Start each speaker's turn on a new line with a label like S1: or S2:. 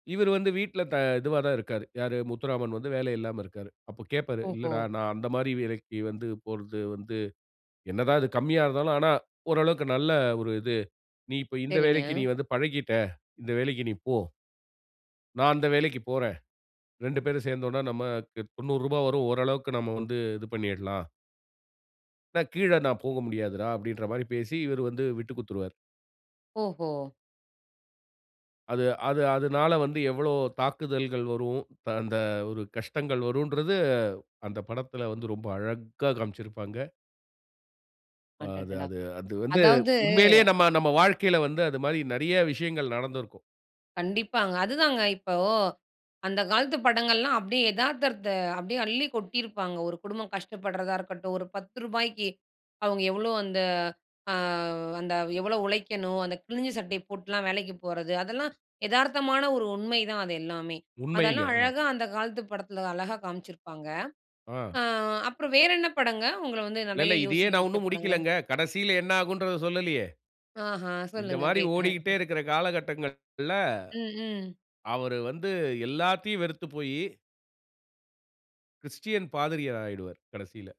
S1: இவரு வந்து வீட்ல த இதுவா தான் இருக்காரு. யாரு முத்துராமன் வந்து வேலை இல்லாம இருக்காரு. அப்போ கேட்பாரு,
S2: ஓஹோ.
S1: "இல்லடா நான் அந்த மாதிரி வேலைக்கு வந்து போறது வந்து என்னதா அது கம்மியா இருந்தாலும் ஆனா, ஓரளவுக்கு நல்ல ஒரு இது. நீ இப்போ இந்த
S2: சரிங்க.
S1: வேலைக்கு நீ வந்து பழகிட்டா. இந்த வேலைக்கு நீ போ!" நான் அந்த வேலைக்குப் போறேன். 2 பேரும் சேர்ந்தோம்னா, நமக்கு ரூ.90 வரும். ஓரளவுக்கு நம்ம வந்து இது பண்ணிறலாம். "நான் கீழ நான் போக முடியாதுடா." அப்படின்ற மாரி பேசி, இவுரு வந்து விட்டுக் குடுத்துடுவாரு.
S2: ஓஹோ!
S1: அது அது அதனால வந்து எவ்ளோ தாக்குதல்கள் வரும். த அந்த ஒரு கஷ்டங்கள் வரும்ன்றது. அந்த படத்துல வந்து ரொம்ப அழகா காண்பிச்சிருப்பாங்க. அ அது
S2: அடட்டடா.
S1: அது அது வந்து
S2: அதாவது
S1: உண்மையிலயே நம்ப நம்ம வாழ்க்கையில வந்து அது மாரி நிறைய விஷயங்கள் நடந்திருக்கும்.
S2: கண்டிப்பாங்க. அதுதாங்க இப்போ அந்த காலத்து படங்கள்லாம் அப்படி எதார்த்தத்த அப்படி அள்ளி கொட்டியிருப்பாங்க. ஒரு குடும்பம் கஷ்டப்படுறதா இருக்கட்டும். ஒரு ரூ.10க்கு அவங்க எவ்ளோ அந்த அ அந்த எவ்ளோ உழைக்கணும். அந்த கிளிஞ்ச சட்டைய போட்டெல்லாம் வேலைக்கு போறது. அதெல்லாம் எதார்த்தமான ஒரு உண்மைதான், அது எல்லாமே.
S1: உண்மைங்க.
S2: அதெல்லாம்
S1: அதான்.
S2: அழகா அந்த காலத்து படத்துல அழகா காமிச்சிருப்பாங்க.
S1: ஆ.
S2: அ அப்புறம் வேறு என்ன படங்க, உங்கள வந்து நிறைய
S1: இல்லல்ல. இதையே
S2: யோசிக்க
S1: நான்
S2: வச்ச
S1: ஒன்னும்
S2: படங்கள்?
S1: முடிக்கலங்க. கடைசியில என்னாகும்ன்றத சொல்லலீயே.
S2: ஆஹ.
S1: இந்த
S2: சொல்லுங்க
S1: மாதிரி
S2: கேட்கறேன்.
S1: ஓடிட்டே இருக்குற காலகட்டங்கள்ல,
S2: ம். ம்.
S1: அவரு வந்து எல்லாத்தையும் வெறுத்துப் போயி கிறிஸ்டியன் பாதிரியர் ஆயிடுவாரு, கடைசியில.